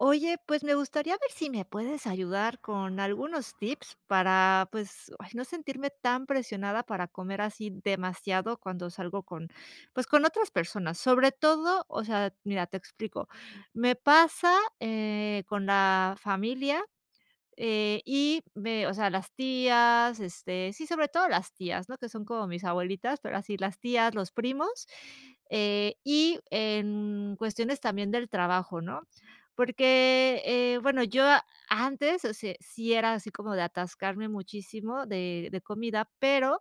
Oye, pues me gustaría ver si me puedes ayudar con algunos tips para, pues, ay, no sentirme tan presionada para comer así demasiado cuando salgo con, pues con otras personas, sobre todo o sea, mira, te explico. Me pasa, eh, con la familia, eh, y ve, o sea, las tías, este sí, sobre las tías, ¿no?, que son como mis abuelitas, pero así, las tías, los primos, eh, y en cuestiones también del trabajo, ¿no?, porque, eh bueno, yo antes, o sea, sí era así como de atascarme muchísimo de de comida pero,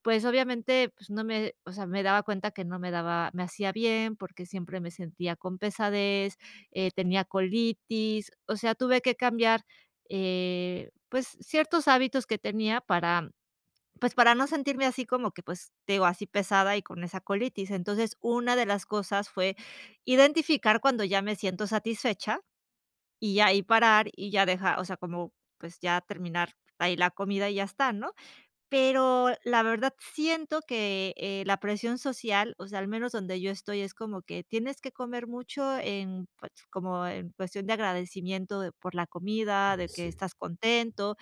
pues obviamente, pues no me o sea, me daba cuenta que no me daba me hacía bien, porque siempre me sentía con pesadez, eh, tenía colitis, o sea, tuve que cambiar, eh, pues ciertos hábitos que tenía para pues para no sentirme así como que, pues te digo así pesada y con esa colitis, entonces, una de las cosas fue identificar cuando ya me siento satisfecha y ahí parar y ya deja o sea, como pues ya terminar ahí la comida y ya está, ¿no?, pero la verdad siento que, eh, la presión social, o sea, al menos donde yo estoy, es como que tienes que comer mucho en, pues como en cuestión de agradecimiento de por la comida, Eh, de que sí. estás contento,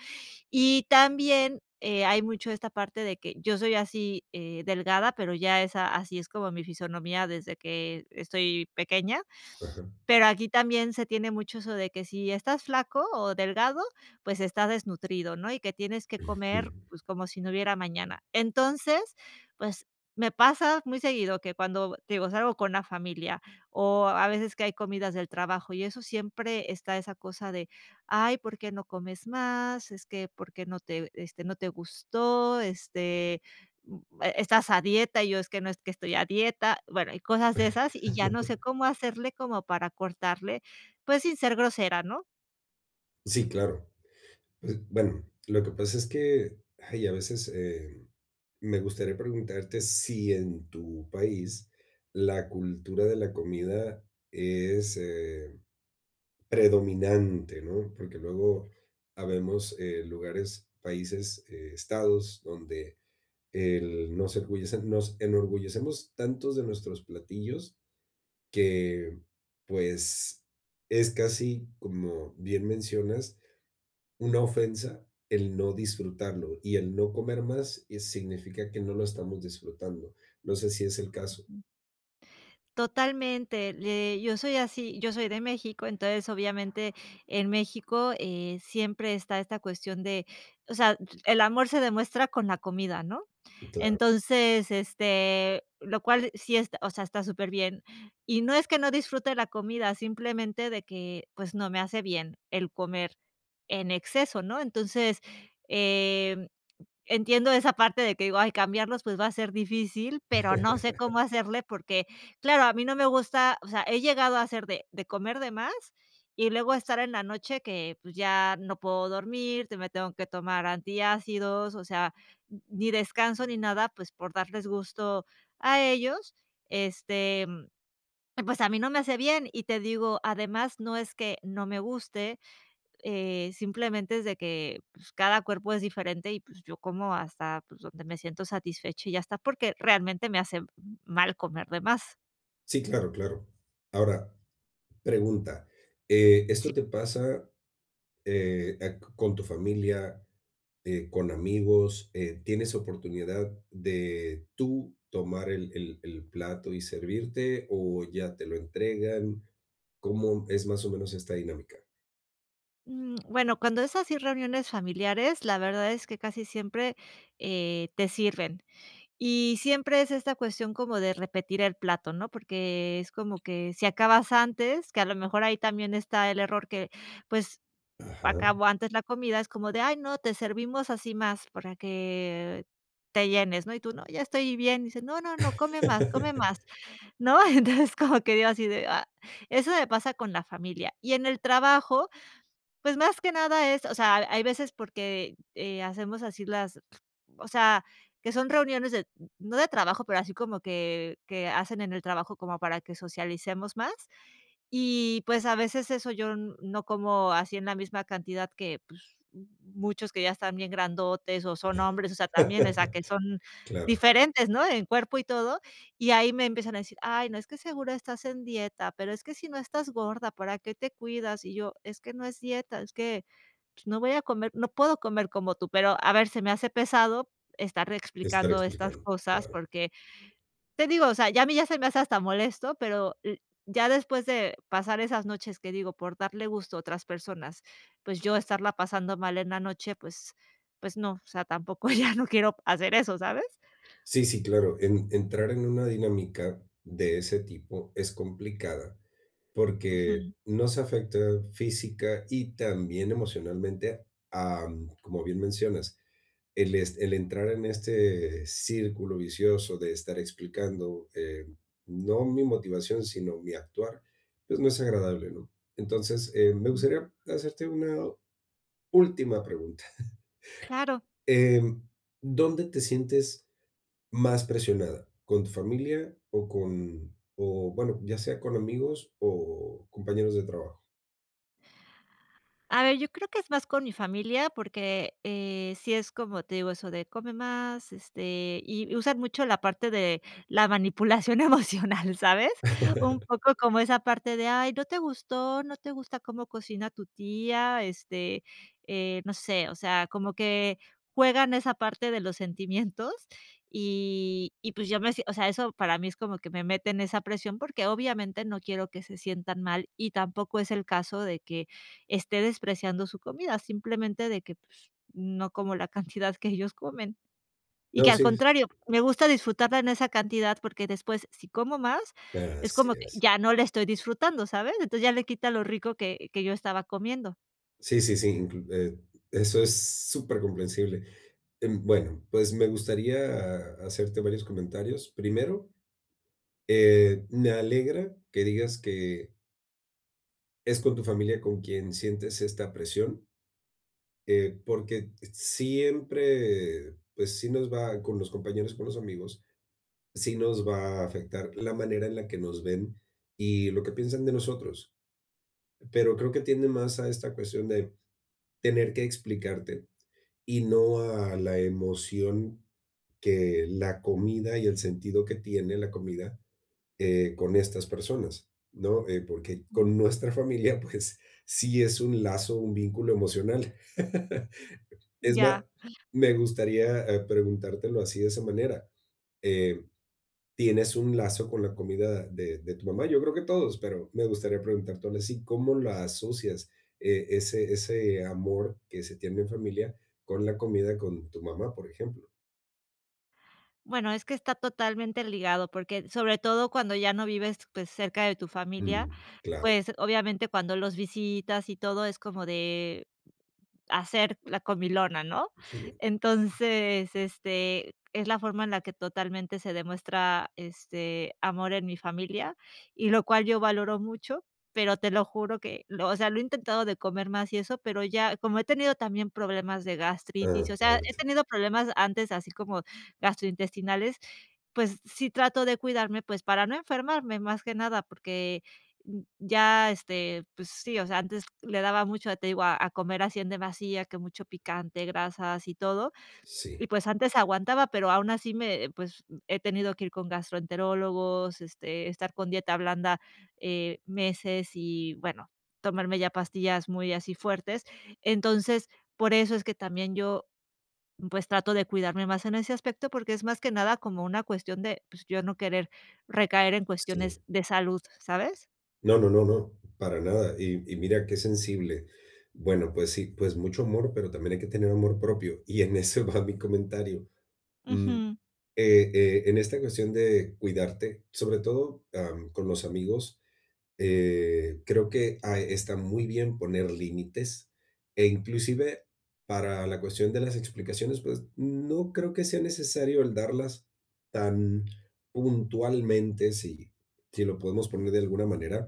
y también, eh, hay mucho de esta parte de que yo soy así, eh, delgada, pero ya esa así es como mi fisionomía desde que estoy pequeña, Ajá. pero aquí también se tiene mucho eso de que si estás flaco o delgado, pues está desnutrido, ¿no?, y que tienes que comer, Ujú. pues como si no hubiera mañana, entonces, pues me pasa muy seguido que cuando te digo, salgo con la familia o a veces que hay comidas del trabajo y eso, siempre está esa cosa de: "Ay, ¿por qué no comes más? Es que, ¿por qué no te este no te gustó?", este, mm, "¿Estás a dieta?", y yo: "Es que no es que estoy a dieta", bueno, cosas de esas y ya no sé cómo hacerle como para cortarle, pues sin ser grosera, ¿no? Sí, claro, es Bueno, lo que pasa es que, ay, a veces, eh, me gustaría preguntarte si en tu país la cultura de la comida es, eh, predominante, ¿no?, porque luego habemos, eh, lugares, países, estados, donde el nos ergullecemos, nos enorgullecemos tantos de nuestros platillos que, pues, es casi, como bien mencionas, una ofensa el no disfrutarlo, y el no comer más, eh, significa que no lo estamos disfrutando. No sé si es el caso. Ujú. Totalmente, le yo soy así. Yo soy de México, entonces, obviamente, en México, eh, siempre está esta cuestión de o sea, d el amor se demuestra con la comida, ¿no? Claro. Entonces, este, lo cual sí, est o sea, está superbién y no es que no disfrute la comida, simplemente de que, pues no me hace bien el comer en exceso, ¿no?, entonces, em, entiendo esa parte de que digo: "Ay, cambiarlos, pues va a ser difícil", pero no sé cómo hacerle, porque, claro, a mí no me gusta O sea, he llegado a hacer de de comer de más y luego estar en la noche que, pues ya no puedo dormir, que me tengo que tomar antiácidos, o sea, n ni descanso ni nada, pues por darles gusto a ellos, este, mm, y pues a mí no me hace bien. Y te digo, además no es que no me guste, eh, simplemente es de que, pues cada cuerpo es diferente y pues yo como hasta, pues donde me siento satisfecha y ya está, porque realmente me hace mal comer de más. Sí, claro, claro. Ahora, pregunta, eh, Sí. ¿esto te pasa, eh, a c con tu familia, eh, con amigos?, eh, ¿tienes oportunidad de tú tomar el el el plato y servirte o ya te lo entregan? ¿Cómo, mm, es más o menos esta dinámica? Mm, bueno, cuando es así reuniones familiares, la verdad es que, casi siempre, eh, te sirven y siempre es esta cuestión como de repetir el plato, ¿no?, porque es como que si acabas antes, que a lo mejor, ahí también está el error que, pues, Ajá. acabo antes la comida, es como de: "A, no, te servimos así más para que te llenes", ¿no?, y tú: "No, ya estoy bien", dice: "No, no, no, come más, come más", ¿no? Entonces como que digo así de: "Ah", eso me pasa con la familia y en el trabajo, pues, más que nada es, o sea, hay veces porque, eh, hacemos así las o sea, que son reuniones de, n no de trabajo, pero así como que que hacen en el trabajo como para que socialicemos más. Y, pues, a veces, eso yo n no como así en la misma cantidad que, pues, muchos que ya están bien grandotes o son hombres, o sea, también, o sea, que son Claro. diferentes, ¿no?, en cuerpo y todo. Y ahí me empiezan a decir: "Ay, no, es que seguro estás en dieta, pero es que si no estás gorda, ¿para qué te cuidas?" Y yo: "Es que no es dieta, es que, pues, no voy a comer no puedo comer como tú". Pero a ver, se me hace pesado estar Estar explicando estas explicando, cosas, claro. porque, te digo, o sea, ya a mí ya se me hace hasta molesto, pero l ya después de pasar esas noches, que digo, por darle gusto a otras personas, pues, yo estarla pasando mal en la noche, pues pues, no, o sea, tampoco ya no quiero hacer eso, ¿sabes? Sí, sí, claro, en entrar en una dinámica de ese tipo es complicada, porque Ujú. nos afecta física y también emocionalmente, am, como bien mencionas, el est el entrar en este círculo vicioso de estar explicando, eh, no mi motivación, sino mi actuar, pues, no es agradable, ¿no? Entonces, eh, me Ujú. gustaría hacerte una última pregunta. Claro. Em, ¿dónde te sientes más presionada, con tu familia o con o, bueno, ya sea con amigos o compañeros de trabajo? A ver, yo creo que es más con mi familia, porque, eh, sí es como te digo, eso de: "Come más", este, y usan mucho la parte de la manipulación emocional, ¿sabes? Un poco como esa parte de: "Ay, no te gustó. No te gusta cómo cocina tu tía", este eh, no sé, o sea, como que juegan esa parte de los sentimientos y y pues yo me o sea, eso para mí es como que me meten esa presión, porque obviamente no quiero que se sientan mal y tampoco es el caso de que esté despreciando su comida, simplemente de que pues, no como la cantidad que ellos comen. Y No, que al sis contrario, me gusta disfrutarla en esa cantidad, porque después, si como más, es Así como que es. ya no la estoy disfrutando, ¿sabes? Entonces ya le quita lo rico que que yo estaba comiendo. Sí, sí, sí, inclu e eso es supercomprensible, em, bueno, pues me gustaría ha hacerte varios comentarios. Primero, eh, me alegra que digas que es con tu familia con quien sientes esta presión eh, porque t siempre, pues, sí nos va Con los compañeros, con los amigos, sí nos va a afectar la manera en la que nos ven y lo que piensan de nosotros. P pero creo que tiende más a esta cuestión de tener que explicarte, y no a la emoción que la comida y el sentido que tiene la comida, eh, con estas personas, ¿no?, eh, porque Ujú. con nuestra familia, pues, sí es un lazo, un vínculo emocional. Es Ya. más, me gustaría, eh, preguntártelo así de esa manera, eh, ¿tienes un lazo con la comida de de tu mamá? Yo creo que todos, pero me gustaría preguntártelo así, ¿cómo la asocias e ese ese amor que se tiene en familia con la comida con tu mamá?, por ejemplo. Bueno es que está totalmente ligado, porque, sobre todo cuando ya no vives, pues, cerca de tu familia, Mm, claro. pues obviamente cuando los visitas y todo, es como de hacer la comilona, ¿no?, Sigue. entonces, este, es la forma en la que totalmente se demuestra, este, amor en mi familia, y lo cual yo valoro mucho, pero te lo juro que, lo o sea, lo he intentado de comer más y eso, pero ya como he tenido también problemas de A gastritis, o sea, he parte. tenido problemas antes, así como gastrointestinales, pues sí trato de cuidarme, pues para no enfermarme más que nada porque ya, este pues sí, o sea, antes le daba mucho, te digo a a comer así en demasía, que mucho picante, grasas y todo, Sí. y pues antes aguantaba, pero aún así me pues he tenido que ir con gastroenterólogos, este, estar con dieta blanda, eh, meses y bueno, tomarme ya pastillas muy así fuertes, entonces, por eso es que también yo, pues trato de cuidarme más en ese aspecto, porque es más que nada como una cuestión de pues ya no querer recaer en cuestiones Sí. de salud, ¿sabes? No, no, no, no, para nada, y y mira qué sensible. Bueno, pues, sí, pues, mucho amor, pero también hay que tener amor propio, y en ese va mi comentario, mm, Ujú. eh eh, en esta cuestión de cuidarte, sobre todo, am, con los amigos, eh, creo que ah, está muy bien poner límites e inclusive para la cuestión de las explicaciones, pues, no creo que sea necesario el darlas tan puntualmente si si lo podemos poner de alguna manera.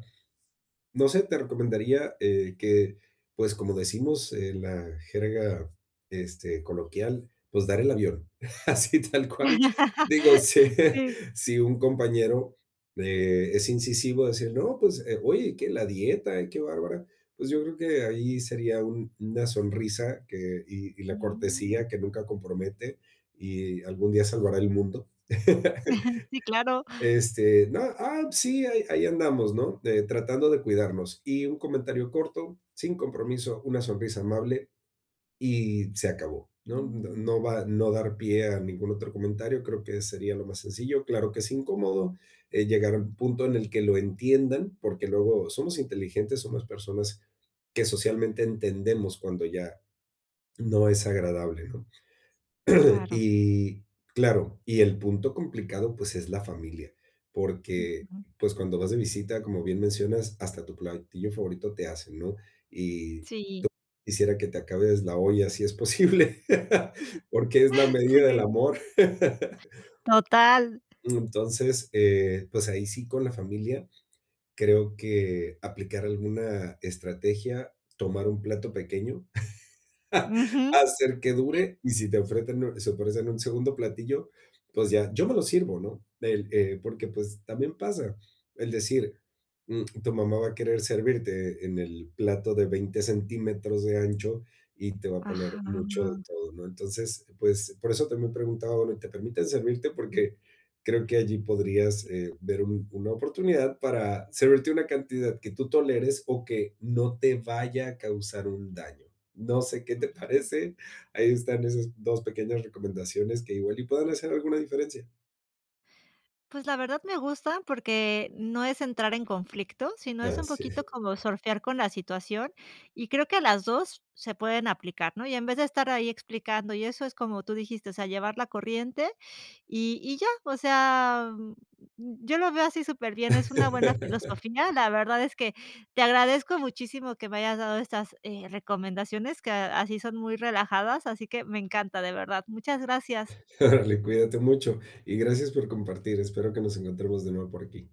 No sé, te recomendaría, eh, que, pues, como decimos en la jerga, este, coloquial, pues, dar el avión, así tal cual, digo, si Sí. si un compañero, eh, es incisivo a decir: "No, pues, eh, uy, qué la dieta, qué bárbara". Pues, yo creo que ahí sería un una sonrisa que y y la Mm. cortesía que nunca compromete, y algún día salvará el mundo. Sí, claro. Este, no, ah, p sí, ahí ahí andamos, ¿no?, de tratando de cuidarnos. Y un comentario corto, sin compromiso, una sonrisa amable, y se acabó, ¿no? No Mm. no va no dar pie a ningún otro comentario, creo que sería lo más sencillo. Claro que es incómodo, eh, llegar a un punto en el que lo entiendan, porque luego somos inteligentes, somos personas que socialmente entendemos cuando ya no es agradable, ¿no? Claro. Y claro y el punto complicado, pues, es la familia, porque, Ujú. pues, cuando vas de visita, como bien mencionas, hasta tu platillo favorito te hacen, ¿no?, y te Sí. quisiera que te acabes la olla si es posible, porque es la medida del Sí. amor. Total. Entonces, eh, pues, ahí sí con la familia creo que aplicar alguna estrategia, tomar un plato pequeño, Ujú, hacer que sí. dure, y si te ofrenten y si ofrecen un segundo platillo, pues, ya, yo me lo sirvo, ¿no? El, eh, porque, pues, también pasa el decir, mm, tu mamá va a querer servirte en el plato de 20 centímetros de ancho y te va a poner Ajá. mucho de todo, ¿no? Entonces, pues, por eso también preguntaba ahora y te permiten servirte, porque creo que allí podrías, eh, ver un una oportunidad para servirte una cantidad que tú toleres o que no te vaya a causar un daño, no sé qué te Ujú. parece, ahí están esas 2 pequeñas recomendaciones que igual y puedan hacer alguna diferencia. Pues, la verdad me gusta, porque no es entrar en conflicto, sino es Ah, un sí. poquito como surfear con la situación y creo que a las 2 se pueden aplicar, ¿no? Y en vez de estar ahí explicando, y eso es como tú dijiste, o sea, llevar la corriente y y ya, o sea, mm, yo lo veo así superbién, es una buena filosofía. La verdad, es que te agradezco muchísimo que me hayas dado estas, eh, recomendaciones, que así son muy relajadas, así que me encanta, de verdad. Muchas gracias. Órale, cuídate mucho y gracias por compartir, espero que nos encontremos de nuevo por aquí.